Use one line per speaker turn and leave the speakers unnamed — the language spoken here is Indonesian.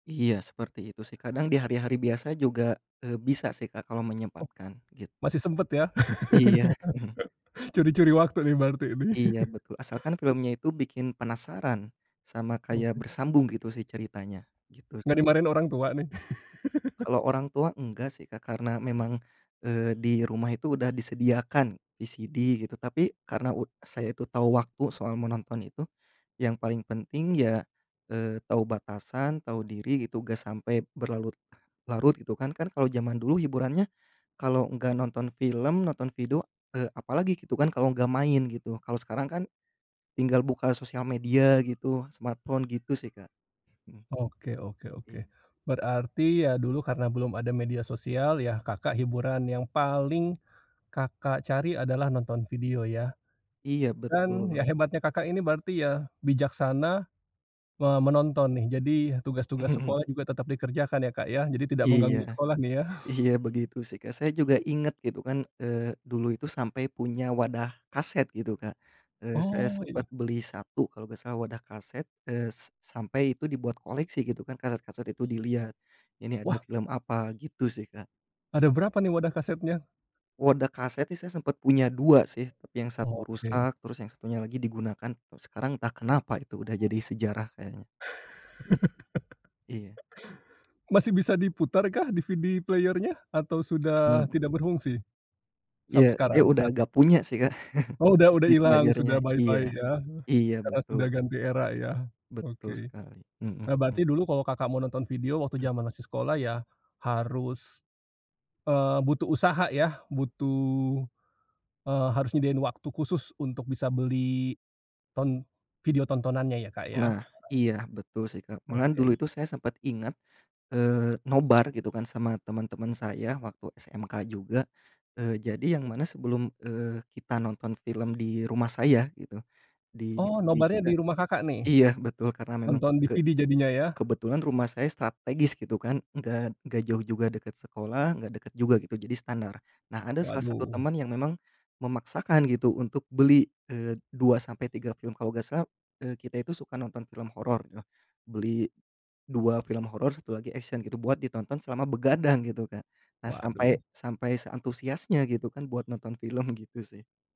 Iya, seperti itu, sih. Kadang di hari-hari biasa juga, eee, bisa sih, Kak, kalau
Oh,
menyempatkan, gitu.
masih sempet, ya?
Iya.
Curi-curi waktu nih, berarti, ini.
Iya, betul. Asalkan filmnya itu bikin penasaran, sama kayak
Oke.
bersambung, gitu sih, ceritanya, gitu.
Nggak dimarahin orang tua, nih?
Kalau orang tua enggak, sih, Kak, karena memang, eee, di rumah itu udah disediakan, VCD, gitu. Tapi karena u saya itu tahu waktu, soal menonton itu, yang paling penting ya, eee, tahu batasan, tahu diri, gitu, gak sampai berlarut-larut, gitu kan. Kan, kalau jaman dulu hiburannya, kalau enggak nonton film, nonton video, eee, apa lagi, gitu kan, kalau nggak main, gitu. Kalau sekarang kan, tinggal buka sosial media gitu, smartphone, gitu sih, Kak. Mhm.
Oke oke oke.
Iya.
Berarti, ya dulu, karena belum ada media sosial, ya Kakak hiburan yang paling Kakak cari adalah nonton video, ya.
Iya,
Dan, ya
betul.
hebatnya Kakak ini berarti, ya bijaksana, me menonton, nih. Jadi, tugas-tugas sekolah juga tetep dikerjakan, ya Kak, ya. Jadi tidak
Iya.
mengganggu sekolah, nih ya?
Iya, begitu sih, Kak. Saya juga inget, gitu kan. Eee, dulu itu sampai punya wadah kaset, gitu, Kak. Eee, saya
Oh,
sempet
iya.
beli 1, kalau gak salah, wadah kaset. Eee, s sampai itu dibuat koleksi, gitu kan, kaset-kaset itu dilihat. Ini ada
Wah!
film apa, gitu sih, Kak.
Ada berapa nih, wadah kasetnya?
Wadah kaset sih saya sempet punya 2, sih, tapi yang 1
Oke.
rusak, terus yang 1-nya lagi digunakan. Kalo sekarang, entah kenapa, itu udah jadi sejarah, kayaknya. Mhm. Iya.
Masih bisa diputarkah, DVD player-nya? Atau sudah
Hmm.
tidak berfungsi? Sampai
Ya, saya
sekarang?
udah
Saat inI.
gak punya sih, Kak.
Oh, udah udah
CD
ilang.
player-nya,
Sudah bye
iya.
bye, ya.
Iya,
Karena sudah
betul.
ganti era, ya?
Betul
Oke.
sekali. Mhm
Eee,
mhm.
berarti dulu kalau Kakak mau nonton video, waktu
Mmm.
jaman masih sekolah, ya harus, eee, butuh usaha, ya. Butuh, eee, harus nyediain waktu khusus, untuk bisa beli ton video tontonannya, ya Kak, ya.
Nah, iya, betul sih, Kak. Malahan,
Oke.
dulu itu saya sempat ingat, eee, nobar, gitu kan, sama temen-temen saya, waktu SMK juga. Eee, jadi, yang mana sebelum, eee, kita nonton film di rumah saya, gitu, di
Oh,
DVD
nobarnya
juga
di rumah Kakak, nih?
iya betul, karena memang
Nonton
ke
DVD, jadinya, ya.
kebetulan rumah saya strategis, gitu kan. Enggak enggak jauh juga, deket sekolah, enggak deket juga, gitu, jadi standar. Nah, ada salah satu
Waduh.
temen yang memang memaksakan, gitu, untuk beli, eee, 2 sampai 3 film. Kalau gak salah, eee, kita itu suka nonton film horor, yoh. Beli 2 film horor, 1 lagi action, gitu, buat ditonton selama begadang, gitu, Kak. Nah, sampai
Waduh.
sampai seantusiasnya, gitu kan, buat nonton film, gitu sih.